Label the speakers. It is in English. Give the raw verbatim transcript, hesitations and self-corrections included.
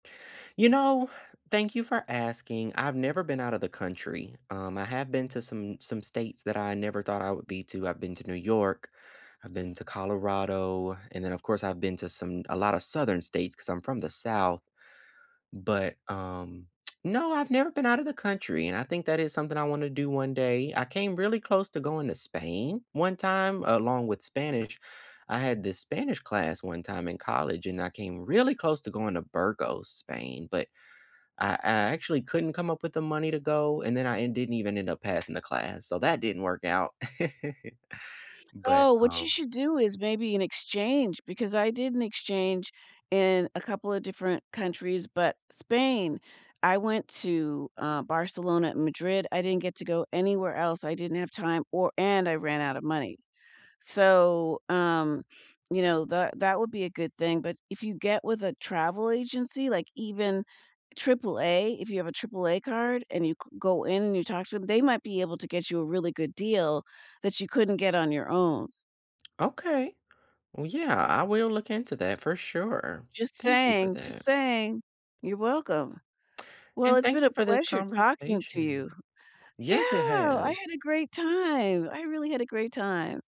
Speaker 1: You know, thank you for asking. I've never been out of the country. Um, I have been to some some states that I never thought I would be to, I've been to New York, I've been to Colorado, and then, of course, I've been to some a lotta Southern states 'cause I'm from the South. But, um, no, I've never been out of the country, and I think that is something I wanna do one day. I came really close to going to Spain one time along with Spanish I had this Spanish class one time in college, and I came really close to going to Burgos, Spain. But I I actually couldn't come up with the money to go, and then I and didn't even end up passing the class, so that didn't work out. But,
Speaker 2: Oh, what you
Speaker 1: um
Speaker 2: should do is maybe an exchange, because I did an exchange in a couple of different countries, but Spain. I went to, uh, Barcelona and Madrid, I didn't get to go anywhere else, I didn't have time or and I ran out of money. So, um, you know, that that would be a good thing, but if you get with a travel agency, like even triple A, if you have a triple A card and you g go in and you talk to 'em, they might be able to get you a really good deal that you couldn't get on your own.
Speaker 1: Okay. Well, yeah, I will look into that, for sure.
Speaker 2: Just
Speaker 1: Thank you for
Speaker 2: saying, just
Speaker 1: that.
Speaker 2: saying. You're welcome. Well,
Speaker 1: And
Speaker 2: it's
Speaker 1: thank
Speaker 2: been a
Speaker 1: you for this
Speaker 2: pleasure talking to
Speaker 1: conversation.
Speaker 2: you.
Speaker 1: Yes, it
Speaker 2: Yeah, I
Speaker 1: has.
Speaker 2: had a great time, I really had a great time.